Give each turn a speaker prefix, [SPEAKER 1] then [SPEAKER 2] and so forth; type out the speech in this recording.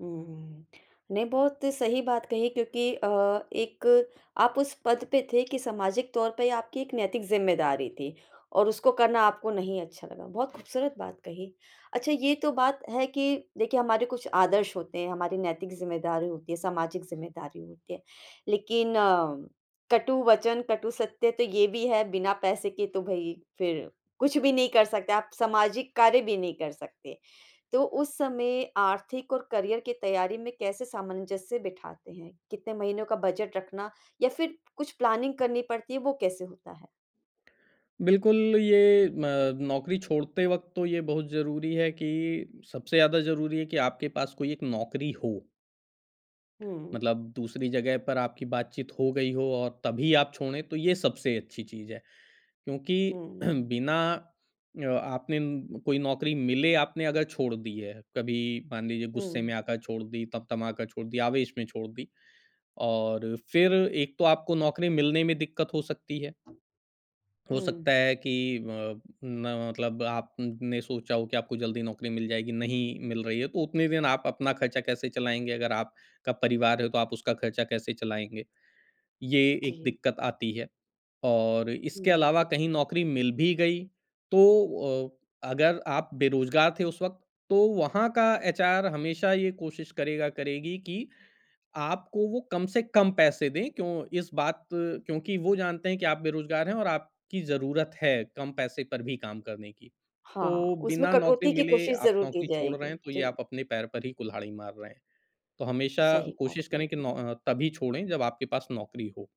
[SPEAKER 1] उम, नहीं बहुत सही बात कही क्योंकि अ, एक आप उस पद पे थे कि सामाजिक तौर पे आपकी एक नैतिक ज़िम्मेदारी थी और उसको करना आपको नहीं अच्छा लगा, बहुत खूबसूरत बात कही। अच्छा ये तो बात है कि देखिए, हमारे कुछ आदर्श होते हैं, हमारी नैतिक ज़िम्मेदारी होती है, सामाजिक ज़िम्मेदारी होती है, लेकिन कटुवचन, कटु सत्य तो ये भी है, बिना पैसे के तो भई फिर कुछ भी नहीं कर सकते। आप सामाजिक कार्य भी नहीं कर सकते, तो उस समय आर्थिक और करियर की तैयारी में कैसे सामंजस्य बिठाते हैं? कितने महीनों का बजट रखना? या फिर कुछ प्लानिंग करनी पड़ती है, वो कैसे होता है?
[SPEAKER 2] बिल्कुल, ये अ, नौकरी छोड़ते वक़्त तो ये बहुत ज़रूरी है कि सबसे ज़्यादा ज़रूरी है कि आपके पास कोई एक नौकरी हो।
[SPEAKER 1] हुँ।
[SPEAKER 2] मतलब दूसरी जगह पर आपकी बातचीत हो गई हो और तभी आप छोड़ें, तो ये सबसे अच्छी चीज़ है। क्योंकि
[SPEAKER 1] हुँ, हुँ।
[SPEAKER 2] बिना अ, आपने कोई नौकरी मिले आपने अगर छोड़ दी है, कभी मान लीजिए गुस्से
[SPEAKER 1] हुँ।
[SPEAKER 2] में आकर छोड़ दी, तमतमा का छोड़ दी, आवेश में छोड़ दी और फिर एक तो आपको नौकरी मिलने में दिक्कत हो सकती है। हो सकता
[SPEAKER 1] हुँ।
[SPEAKER 2] है कि अ, म मतलब आपने सोचा हो कि आपको जल्दी नौकरी मिल जाएगी, नहीं मिल रही है, तो उतने दिन आप अपना खर्चा कैसे चलाएँगे? अगर आपका परिवार है, तो आप उसका खर्चा कैसे चलाएँगे? ये एक
[SPEAKER 1] जी।
[SPEAKER 2] दिक्कत आती है और इसके
[SPEAKER 1] हुँ।
[SPEAKER 2] अलावा कहीं नौकरी मिल भी गई, तो अ, अगर आप बेरोज़गार थे उस वक़्त, तो वहाँ का एचआर हमेशा ये कोशिश करेगा, करेगी कि आपको वो कम से कम पैसे दें। क्यों इस बात क्योंकि वो जानते हैं कि आप बेरोज़गार हैं और आपकी ज़रूरत है, कम पैसे पर भी काम करने की।
[SPEAKER 1] हाँ,
[SPEAKER 2] तो
[SPEAKER 1] उसमें
[SPEAKER 2] बिना नौकरी
[SPEAKER 1] कटौती की
[SPEAKER 2] मिले
[SPEAKER 1] कोशिश
[SPEAKER 2] आप
[SPEAKER 1] ज़रूर की
[SPEAKER 2] नौकरी छोड़ रहे
[SPEAKER 1] जाएगी।
[SPEAKER 2] हैं, तो ये
[SPEAKER 1] जी।
[SPEAKER 2] आप अपने पैर पर ही कुल्हाड़ी मार रहे हैं। तो हमेशा
[SPEAKER 1] सही बात
[SPEAKER 2] कोशिश करें कि
[SPEAKER 1] है।
[SPEAKER 2] नो अ, तभी छोड़े जब आपके पास नौकरी हो।